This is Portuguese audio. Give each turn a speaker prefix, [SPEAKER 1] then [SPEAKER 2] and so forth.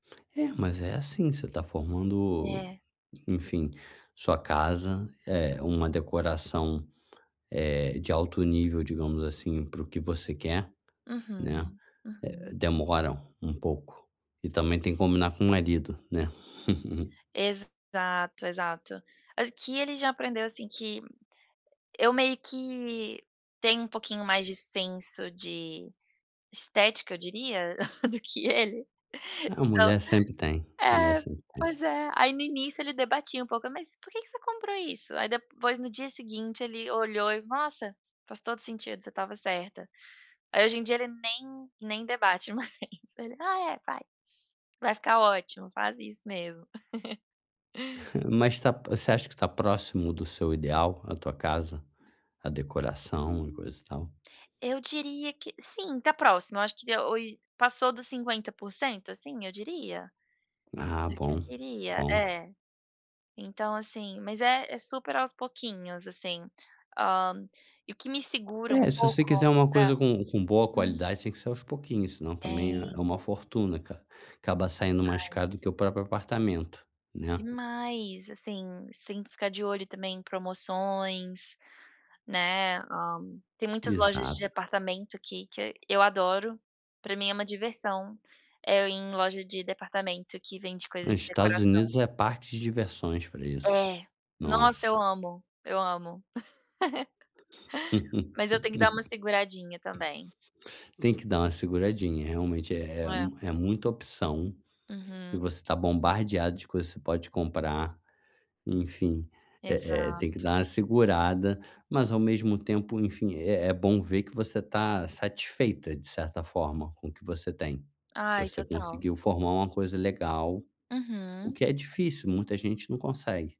[SPEAKER 1] É, mas é assim, você tá formando,
[SPEAKER 2] É.
[SPEAKER 1] enfim, sua casa é uma decoração, eh, de alto nível digamos assim, para o que você quer, né,
[SPEAKER 2] Uhum,
[SPEAKER 1] eh eh,
[SPEAKER 2] uhum.
[SPEAKER 1] demora um pouco e também tem que combinar com o marido, né.
[SPEAKER 2] Exato, exato. Aqui ele já aprendeu, assim, que eu meio que tenho um pouquinho mais de senso de estética eu diria, do que ele,
[SPEAKER 1] A
[SPEAKER 2] então
[SPEAKER 1] mulher sempre tem, mulher
[SPEAKER 2] É,
[SPEAKER 1] sempre tem.
[SPEAKER 2] pois é, aí no início ele debatia um pouco: "Mas, porque que você comprou isso?", aí depois, no dia seguinte, ele olhou e: "Nossa, faz todo sentido, você estava certa". Aí hoje em dia ele nem nem debate mais, ele: "Ah é, vai, vai ficar ótimo, faz isso mesmo".
[SPEAKER 1] Mas tá você acha que tá próximo do seu ideal, a tua casa, a decoração
[SPEAKER 2] Hum,
[SPEAKER 1] e coisa e tal?
[SPEAKER 2] eu diria que sim, tá próxima, eu acho que deu hoj passou dos 50%, assim, eu diria,
[SPEAKER 1] Ah
[SPEAKER 2] do que eu
[SPEAKER 1] bom,
[SPEAKER 2] queria
[SPEAKER 1] bom.
[SPEAKER 2] É, então, assim, mas é é super aos pouquinhos, assim, hã, e o que me segura um
[SPEAKER 1] É, se você quiser
[SPEAKER 2] pouco
[SPEAKER 1] uma
[SPEAKER 2] Hã,
[SPEAKER 1] coisa com com boa
[SPEAKER 2] hum.
[SPEAKER 1] qualidade tem que ser aos pouquinhos senão também é
[SPEAKER 2] Tem.
[SPEAKER 1] uma fortuna, cara, acaba saindo mais
[SPEAKER 2] Demais.
[SPEAKER 1] caro do que o próprio apartamento, né?
[SPEAKER 2] Demais, assim, você tem que ficar de olho também em promoções, né, hã, tem muitas lojas de
[SPEAKER 1] Exato.
[SPEAKER 2] departamento que que eu adoro, pra mim é uma diversão, é eu ir em loja de departamento que vende
[SPEAKER 1] No
[SPEAKER 2] coisas de
[SPEAKER 1] Estados
[SPEAKER 2] decoração.
[SPEAKER 1] Unidos é parque de diversões pra isso,
[SPEAKER 2] É, nossa
[SPEAKER 1] nossa.
[SPEAKER 2] eu amo, eu amo, mas eu tenho que dar uma seguradinha também.
[SPEAKER 1] Tem que dar uma seguradinha, realmente é é
[SPEAKER 2] É.
[SPEAKER 1] mu é muita opção, e
[SPEAKER 2] Uhum.
[SPEAKER 1] você tá bombardeada de que você pode comprar, enfim, eh eh, tem que
[SPEAKER 2] Exato.
[SPEAKER 1] dar uma segurada, mas ao mesmo tempo, enfim, é é bom ver que você tá satisfeita de certa forma com o que você tem,
[SPEAKER 2] Ai
[SPEAKER 1] você
[SPEAKER 2] total.
[SPEAKER 1] conseguiu formar uma coisa legal, o
[SPEAKER 2] Uhum.
[SPEAKER 1] que é difícil, muita gente não consegue.